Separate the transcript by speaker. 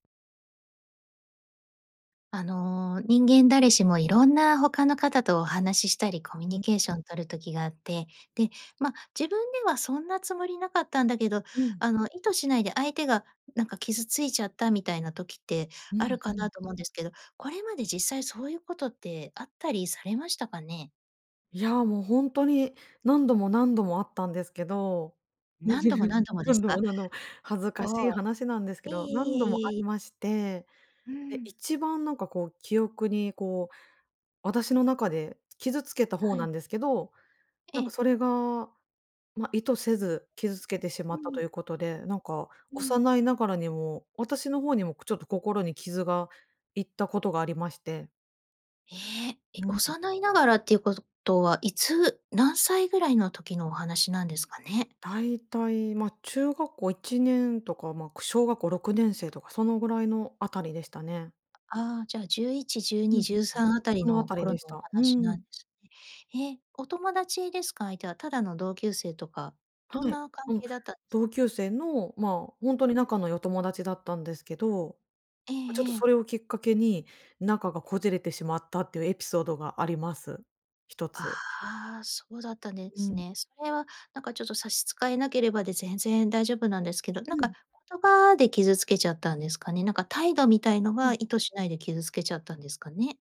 Speaker 1: あの、人間誰しもいろんな他の方とお話ししたり、コミュ
Speaker 2: う
Speaker 1: ニ
Speaker 2: ん。
Speaker 1: ケーション取る時があって、で、ま、自分ではそんなつもりなかったんだけど、
Speaker 2: うん。
Speaker 1: あの意図しないで相手が、ん、なんか傷ついちゃったみたいな時って
Speaker 2: う
Speaker 1: あ
Speaker 2: ん
Speaker 1: る
Speaker 2: ふ
Speaker 1: かな
Speaker 2: ん。
Speaker 1: と思うんですけど、これまで実際そういうことってあったりされましたかね？
Speaker 2: いやもうほんとに何度も何度もあったんですけど、む
Speaker 1: 何
Speaker 2: じ
Speaker 1: 度も
Speaker 2: ふじ
Speaker 1: 何度もです
Speaker 2: 何度も
Speaker 1: か？
Speaker 2: 何度も恥ずか
Speaker 1: あ
Speaker 2: しい
Speaker 1: あ、
Speaker 2: 話なんですけ
Speaker 1: いえ
Speaker 2: ど、何度もあ
Speaker 1: いえいえ、
Speaker 2: り
Speaker 1: い
Speaker 2: まして、
Speaker 1: うう
Speaker 2: で、
Speaker 1: ーん。
Speaker 2: 一番なんかこう記憶にこう私の中で、つ傷つけた方
Speaker 1: は
Speaker 2: な
Speaker 1: い。
Speaker 2: んですけど、
Speaker 1: え
Speaker 2: なんか
Speaker 1: え。
Speaker 2: それが、ま、意図せず傷つけてしま
Speaker 1: う
Speaker 2: ったと
Speaker 1: ん。
Speaker 2: いうことで、なんか
Speaker 1: うん。
Speaker 2: 幼いながらにも私の方にも、くちょっと心に傷がいったことがありまして。
Speaker 1: え、え、
Speaker 2: うん。
Speaker 1: 幼いながらっていうことは、いつ、何歳ぐらいの時のお話なんですかね？
Speaker 2: だいたい、ま、中学校1年とか、ま、く小学校6年生とかそのぐらいのあたりでしたね。
Speaker 1: ああじゃあ11、じゅう
Speaker 2: ふんふ
Speaker 1: に、
Speaker 2: んふ
Speaker 1: じ
Speaker 2: ん。
Speaker 1: ゅうさんあたり
Speaker 2: そのあ
Speaker 1: の
Speaker 2: たり
Speaker 1: 頃
Speaker 2: で
Speaker 1: の
Speaker 2: し
Speaker 1: お
Speaker 2: た。うー
Speaker 1: 話なんで
Speaker 2: ん。
Speaker 1: すね。へえ、お友達ですか？相手は、ただの同級生とか、どん
Speaker 2: はい。
Speaker 1: な関
Speaker 2: うん、
Speaker 1: 係だったんですか？...
Speaker 2: 同級生のまあ、ほんとに
Speaker 1: うん。
Speaker 2: 仲の良い友達だったんですけど、
Speaker 1: え
Speaker 2: ま、ちょっと
Speaker 1: ええ
Speaker 2: そ
Speaker 1: え。
Speaker 2: れをきっかけに、仲がこじれてしまったっていうエピソードがあります、一つ。
Speaker 1: ああ、そうだったんで
Speaker 2: う
Speaker 1: す
Speaker 2: ん。
Speaker 1: ね。それはなんかちょっと差し支えなければで全然大丈夫なんですけど、なん
Speaker 2: う
Speaker 1: か
Speaker 2: ん。
Speaker 1: 言葉で傷つけちゃったんですかね。なんか態度みたいの
Speaker 2: う
Speaker 1: が
Speaker 2: ん。
Speaker 1: 意図しないで傷つけちゃったんですかね？